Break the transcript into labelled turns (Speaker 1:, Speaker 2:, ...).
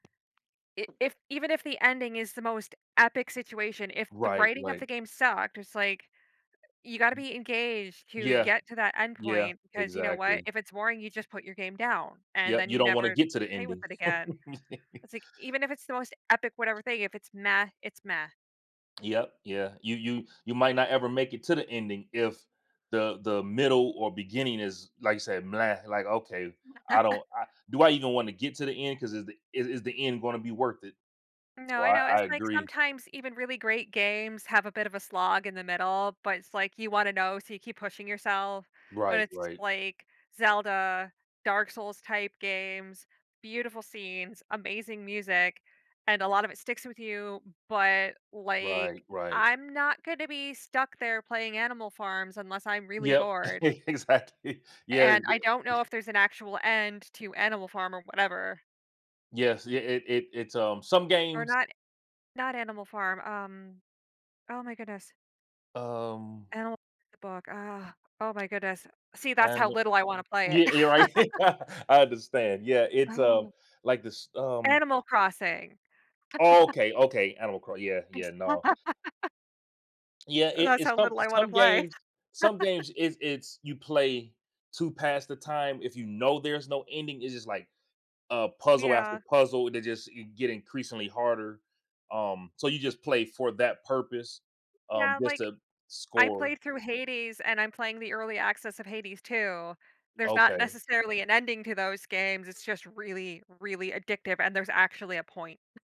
Speaker 1: I if even if the ending is the most epic situation, if the
Speaker 2: Right,
Speaker 1: writing of
Speaker 2: right.
Speaker 1: the game sucked, it's like, you gotta
Speaker 2: M
Speaker 1: be engaged to
Speaker 2: Yeah.
Speaker 1: get to that end
Speaker 2: Yeah,
Speaker 1: point, because you know what?
Speaker 2: exactly.
Speaker 1: If it's boring, you just put your game down, and
Speaker 2: Yup,
Speaker 1: then
Speaker 2: you
Speaker 1: you
Speaker 2: don't wanna
Speaker 1: never
Speaker 2: get to the
Speaker 1: play with
Speaker 2: ending.
Speaker 1: it again. It's like, even if it's the most epic, whatever thing, if it's "meh," it's "meh."
Speaker 2: Yup, yeah, you you you might not ever make it to the ending if the the middle or beginning is, like you said, "bleh," like, okay, I don't, uh "Do I even wanna get to the end 'cause is the is is the end gonna be worth it?"
Speaker 1: No,
Speaker 2: So,
Speaker 1: I
Speaker 2: I
Speaker 1: know,
Speaker 2: I
Speaker 1: it's, like,
Speaker 2: agree.
Speaker 1: sometimes even really great games have a bit of a slog in the middle, but it's, like, you wanna know, so you keep pushing yourself. Or
Speaker 2: Right,
Speaker 1: it's
Speaker 2: right.
Speaker 1: like Zelda, Dark Souls-type games- beautiful scenes, amazing music, and a lot of it sticks with you, but, like,
Speaker 2: Right, right.
Speaker 1: I'm not gonna be stuck there playing Animal Farms unless I'm really
Speaker 2: Yup,
Speaker 1: bored
Speaker 2: exactly. Yeah,
Speaker 1: and I
Speaker 2: the
Speaker 1: don't know if there's an actual end to Animal Farm or whatever
Speaker 2: Yes, yeah, it it it's, um some
Speaker 1: Or
Speaker 2: games
Speaker 1: not not Animal Farm, um oh my goodness
Speaker 2: Um
Speaker 1: Animal [unintelligible] the book. Ugh. Oh my goodness. See, that's
Speaker 2: and
Speaker 1: how
Speaker 2: th
Speaker 1: little I want to play
Speaker 2: Yeah,
Speaker 1: it.
Speaker 2: you're right. I understand, yeah. It's, um
Speaker 1: Oh.
Speaker 2: like this, um
Speaker 1: Animal Crossing.
Speaker 2: Oh, okay, okay. Animal Cro yeah,
Speaker 1: I jus
Speaker 2: yeah, no. Yeah, it
Speaker 1: That's
Speaker 2: it's
Speaker 1: how
Speaker 2: some
Speaker 1: little I wanna
Speaker 2: some
Speaker 1: play.
Speaker 2: games some games, it's it's you play to pass the time. If you know there's no ending, it's just, like, a puzzle after
Speaker 1: Yeah.
Speaker 2: puzzle, they just i get increasingly harder- um, so you just play for that purpose, um,
Speaker 1: Yeah,
Speaker 2: just
Speaker 1: like,
Speaker 2: to
Speaker 1: I
Speaker 2: score.
Speaker 1: played through Hades and I'm playing the early access of Hades II- there's not
Speaker 2: Okay.
Speaker 1: necessarily an ending to those games, it's just really, really addictive, and there's actually a point.